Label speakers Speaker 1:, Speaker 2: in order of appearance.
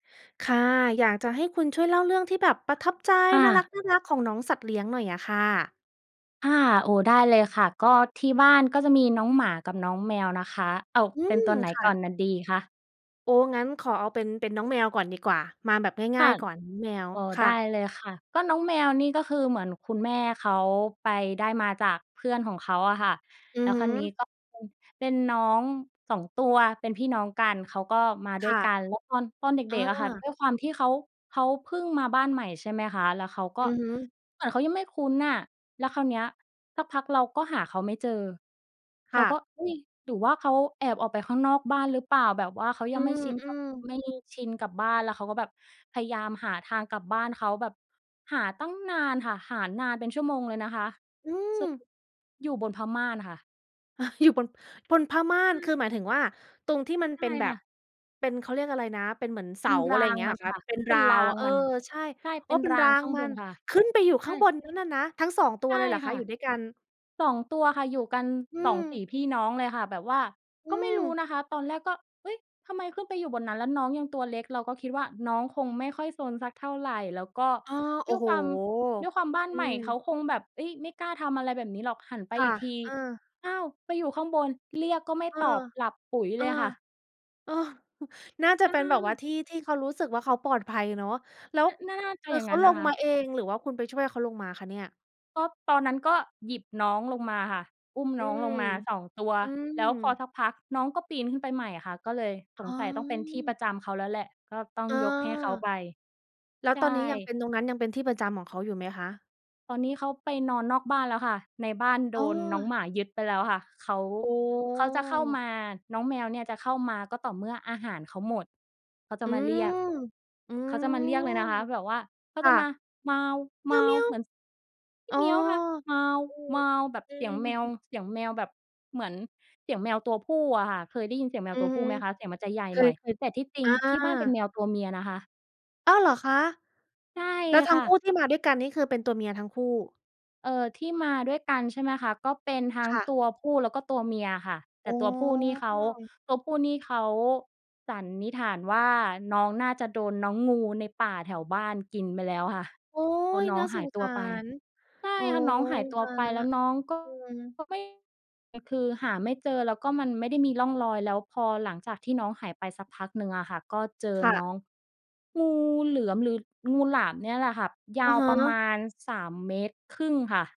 Speaker 1: ค่ะ อยากจะให้คุณช่วยเล่าเรื่องที่แบบประทับใจ
Speaker 2: ค่
Speaker 1: น่า
Speaker 2: ะ
Speaker 1: รัก ๆ ของน้องสัตว์เลี้ยงหน่อยอะค่ะ
Speaker 2: ค่ะ โอ้ ได้เลยค่ะ ก็ที่บ้านก็จะมีน้องหมา กับน้องแมวนะคะ เอา
Speaker 1: อื
Speaker 2: เป็น
Speaker 1: ม
Speaker 2: ตัวไหน
Speaker 1: ค่
Speaker 2: ก่
Speaker 1: ะ
Speaker 2: อน น ดีคะ?
Speaker 1: โอ้ งั้นขอเอาเป็น เป็นน้องแมวก่อนดีกว่า มาแบบง
Speaker 2: ค
Speaker 1: ่า
Speaker 2: ่
Speaker 1: ย
Speaker 2: ะ
Speaker 1: ๆ ก่อน น้องแมว
Speaker 2: อ้อ
Speaker 1: ค
Speaker 2: ได
Speaker 1: ่
Speaker 2: ้
Speaker 1: ะ
Speaker 2: เลยค่ะ ก็น้องแมวนี่ก็คือเหมือนคุณแม่เขาไปได้มาจากเพื่อนของเขาอะค่ะ
Speaker 1: อื
Speaker 2: แล้
Speaker 1: อ
Speaker 2: ว
Speaker 1: ฮ
Speaker 2: คราวนี้
Speaker 1: ึ
Speaker 2: ก็เป็น เป็นน้อง 2 ตัว เป็นพี่น้องกัน เขาก็มาด้
Speaker 1: ค
Speaker 2: วย
Speaker 1: ่ะ
Speaker 2: กัน แล้วตอน ตอนเด
Speaker 1: อ
Speaker 2: ็ก ๆ อะค่ะ ด
Speaker 1: า
Speaker 2: ้วยความที่เขา เขาเพิ่งมาบ้านใหม่ใช่ไหมคะ แล้วเขาก็
Speaker 1: อือฮึ
Speaker 2: เหมือนเขายังไม่คุ้นอะ แล้วคราวเนี้ย สักพักเราก็หาเขาไม่เจอ
Speaker 1: ค
Speaker 2: เรา
Speaker 1: ่
Speaker 2: ก็
Speaker 1: ะ
Speaker 2: เอ๊ย หรือว่าเขาแอบออกไปข้างนอกบ้านหรือเปล่า? แบบว่าเขา
Speaker 1: อ
Speaker 2: ย
Speaker 1: ื
Speaker 2: ังไม่ชิน ก
Speaker 1: ม ๆ
Speaker 2: ไม่ชินกับบ้าน แล้วเขาก็แบบพยายามหาทางกลับบ้านเขา แบบ หาตั้งนานค่ะ หานานเป็นชั่วโมงเลยนะคะ
Speaker 1: อื
Speaker 2: สร
Speaker 1: ม
Speaker 2: ุปอยู่บนผ้าม่านค่ะ
Speaker 1: อยู่บน บนผ้าม่า
Speaker 2: ใช
Speaker 1: น คือ
Speaker 2: ่
Speaker 1: หมายถึงว่าตรงที่มัน
Speaker 2: ใช
Speaker 1: เป
Speaker 2: ่
Speaker 1: ็นแบ
Speaker 2: ค่
Speaker 1: บ
Speaker 2: ะ
Speaker 1: เป็น เขาเรียกอะไรนะ เป็นเหมือนเ
Speaker 2: เ
Speaker 1: ส
Speaker 2: ป็
Speaker 1: า
Speaker 2: น
Speaker 1: อ
Speaker 2: ร
Speaker 1: ะไ
Speaker 2: า
Speaker 1: รอย่า
Speaker 2: ง
Speaker 1: งเงี้ย
Speaker 2: ม
Speaker 1: เห
Speaker 2: ั
Speaker 1: ร
Speaker 2: น
Speaker 1: อค
Speaker 2: ค
Speaker 1: ะ
Speaker 2: ่ะ
Speaker 1: เป็น
Speaker 2: เป
Speaker 1: ร
Speaker 2: ็
Speaker 1: า
Speaker 2: นร
Speaker 1: ว
Speaker 2: า
Speaker 1: อ
Speaker 2: ง
Speaker 1: ะ เออ
Speaker 2: มัน
Speaker 1: ใช่
Speaker 2: ใช่
Speaker 1: โอ
Speaker 2: เ
Speaker 1: ้
Speaker 2: ป็น
Speaker 1: เป็น
Speaker 2: ร
Speaker 1: ร
Speaker 2: า
Speaker 1: า
Speaker 2: ง
Speaker 1: ง
Speaker 2: ข้าง
Speaker 1: มั
Speaker 2: บ
Speaker 1: น
Speaker 2: นค่ะ
Speaker 1: ขึ้นไปอยู่
Speaker 2: ใช
Speaker 1: ข้
Speaker 2: ่
Speaker 1: างบนนั้นอะนะ ทั้ง 2 ตั
Speaker 2: ใ
Speaker 1: ว
Speaker 2: ช่
Speaker 1: เลยเหรอค
Speaker 2: ค
Speaker 1: ะ?
Speaker 2: ่ะ
Speaker 1: อยู่ด้วยกัน
Speaker 2: 2 ตัวค่ะ อยู่กัน
Speaker 1: อื
Speaker 2: 2 ศรี
Speaker 1: อ
Speaker 2: พี่น้องเลยค่ะ แบบว่า
Speaker 1: อื
Speaker 2: ก็ไม่รู้
Speaker 1: อ
Speaker 2: นะคะ ตอนแรกก็ "เอ๊ย ทำไมขึ้นไปอยู่บนนั้น?" แล้วน้องยังตัวเล็ก เราก็คิดว่าน้องคงไม่ค่อยซนสักเท่าไร แล้วก็
Speaker 1: อา โอ
Speaker 2: ด้
Speaker 1: ้
Speaker 2: วย
Speaker 1: โฮ
Speaker 2: ความ ด้วยความบ้าน
Speaker 1: อื
Speaker 2: ใหม่ เข
Speaker 1: ม
Speaker 2: าคงแบบ เอ๊ย ไม่กล้าทำอะไรแบบนี้หรอก หันไป
Speaker 1: ค่
Speaker 2: อี
Speaker 1: ะ
Speaker 2: กที
Speaker 1: เออ
Speaker 2: อ้าว ไปอยู่ข้างบน เรียกก็ไม่
Speaker 1: เออ
Speaker 2: ตอบ หลับปุ๋ย
Speaker 1: เอ
Speaker 2: เ
Speaker 1: อ
Speaker 2: ลยค่ะ
Speaker 1: เออ น่าจะ
Speaker 2: ใช
Speaker 1: เป็นแบบว่
Speaker 2: ่
Speaker 1: าที่ที่เขารู้สึกว่าเขาปลอดภัยเนาะ แล้ว
Speaker 2: น น่า น่าจะ
Speaker 1: คื
Speaker 2: อ
Speaker 1: อ
Speaker 2: ย่า
Speaker 1: เ
Speaker 2: ง
Speaker 1: ข
Speaker 2: น
Speaker 1: า
Speaker 2: ั้น
Speaker 1: ล
Speaker 2: นะ
Speaker 1: ง
Speaker 2: ค
Speaker 1: มา
Speaker 2: ะ
Speaker 1: เอง หรือว่าคุณไปช่วยให้เขาลงมาคะเนี่ย?
Speaker 2: ก็ตอนนั้นก็หยิบน้องลงมาค่ะ อุ้ม
Speaker 1: อื
Speaker 2: น้องล
Speaker 1: ม
Speaker 2: งมา 2 ตัว
Speaker 1: อื
Speaker 2: แล้วพอ
Speaker 1: ม
Speaker 2: สักพักน้องก็ปีนขึ้นไปใหม่อะค่ะ ก็เลย
Speaker 1: อ
Speaker 2: ส
Speaker 1: ๋
Speaker 2: งสัยต้องเป็นที่ป
Speaker 1: อ
Speaker 2: ระจำเขาแล้วแหละ ก็ต้อ
Speaker 1: เ
Speaker 2: ง
Speaker 1: ออ
Speaker 2: ยกให้เขาไป
Speaker 1: แล้ว
Speaker 2: ใช
Speaker 1: ตอนนี้ยังเ
Speaker 2: ่
Speaker 1: ป็น ตรงนั้นยังเป็นที่ประจำของเขาอยู่ไหมคะ?
Speaker 2: ตอนนี้เขาไปนอนนอกบ้านแล้วค่ะ ในบ้านโ
Speaker 1: อ
Speaker 2: ด
Speaker 1: ้อ
Speaker 2: นน้องหมายึดไปแล้วค่ะ เขา
Speaker 1: อ๋
Speaker 2: เขาจะเข้า
Speaker 1: อ
Speaker 2: มา น้องแมวเนี่ยจะเข้ามาก็ต่อเมื่ออาหารเขาหมด เขาจ
Speaker 1: อ
Speaker 2: ะ
Speaker 1: ื
Speaker 2: มาเรีย
Speaker 1: ม
Speaker 2: ก
Speaker 1: อื
Speaker 2: เขา
Speaker 1: ม
Speaker 2: จะมาเรียกเลยนะคะ แบบว่าเขา
Speaker 1: ค
Speaker 2: จ
Speaker 1: ่
Speaker 2: ะ
Speaker 1: ะ
Speaker 2: มา เหมือน ส
Speaker 1: อ๋อ
Speaker 2: มิ ค่ะ แ
Speaker 1: อือ
Speaker 2: บบ
Speaker 1: อื
Speaker 2: เสียง
Speaker 1: อ
Speaker 2: แมว เสียงแมวแบบเหมือนเสียงแมวตัวผู้อะค่ะ เคยได้ยินเสียงแม
Speaker 1: อ
Speaker 2: ว
Speaker 1: ื
Speaker 2: ต
Speaker 1: อ
Speaker 2: ัว
Speaker 1: ฮ
Speaker 2: ผ
Speaker 1: ึ
Speaker 2: ู้ไหมคะ เสียงมันจะใหญ่
Speaker 1: เค
Speaker 2: หน
Speaker 1: ย
Speaker 2: ่อย
Speaker 1: เคย
Speaker 2: แต่ที่จริ
Speaker 1: อ
Speaker 2: งที่บ้านเป็น
Speaker 1: า
Speaker 2: แมวตัวเมียนะคะ
Speaker 1: อ้าว เหรอคะ?
Speaker 2: ใช่
Speaker 1: แล้วทั
Speaker 2: ค
Speaker 1: ้ง
Speaker 2: ่
Speaker 1: คู
Speaker 2: ะ
Speaker 1: ่ที่มาด้วยกันนี่คือเป็นตัวเมียทั้งคู่
Speaker 2: เออ ที่มาด้วยกันใช่ไหมคะ ก็เป็นทั้ง
Speaker 1: ค่ะ
Speaker 2: ตัวผู้และก็ตัวเมียค่ะ แ
Speaker 1: อ
Speaker 2: ต่
Speaker 1: ๋อ
Speaker 2: ตัวผู้นี่เขา ตัวผู้นี่เขา สันนิษฐานว่าน้องน่าจะโดนน้องงูในป่าแถวบ้านกินไปแล้วค่ะ
Speaker 1: โอ๊
Speaker 2: เพราะ
Speaker 1: ย
Speaker 2: น้
Speaker 1: น
Speaker 2: อ
Speaker 1: ่า
Speaker 2: ง
Speaker 1: ส
Speaker 2: หา
Speaker 1: ง
Speaker 2: ยต
Speaker 1: ส
Speaker 2: ัว
Speaker 1: า
Speaker 2: ไป
Speaker 1: ร
Speaker 2: ใช
Speaker 1: โ
Speaker 2: ่
Speaker 1: อ้
Speaker 2: ค่ะ น้องหายตั
Speaker 1: ต
Speaker 2: ว
Speaker 1: าย
Speaker 2: ไป
Speaker 1: แล้ว
Speaker 2: แล้วน้องก็
Speaker 1: อืม
Speaker 2: ก็ไม่ อ คือหาไม่เจอ แล้วก็มันไม่ได้มีร่องรอย แล้วพอหลังจากที่น้องหายไปสักพักหนึ่งอะค่ะ ก็เจอ
Speaker 1: ค่
Speaker 2: น
Speaker 1: ะ
Speaker 2: ้องงูเหลือม หรืองูหลามเนี่ยแหละค่ะ ย
Speaker 1: อ
Speaker 2: า
Speaker 1: ะ
Speaker 2: ว
Speaker 1: ฮ
Speaker 2: ประม
Speaker 1: ะ
Speaker 2: าณ 3 เมตรครึ่งค่ะ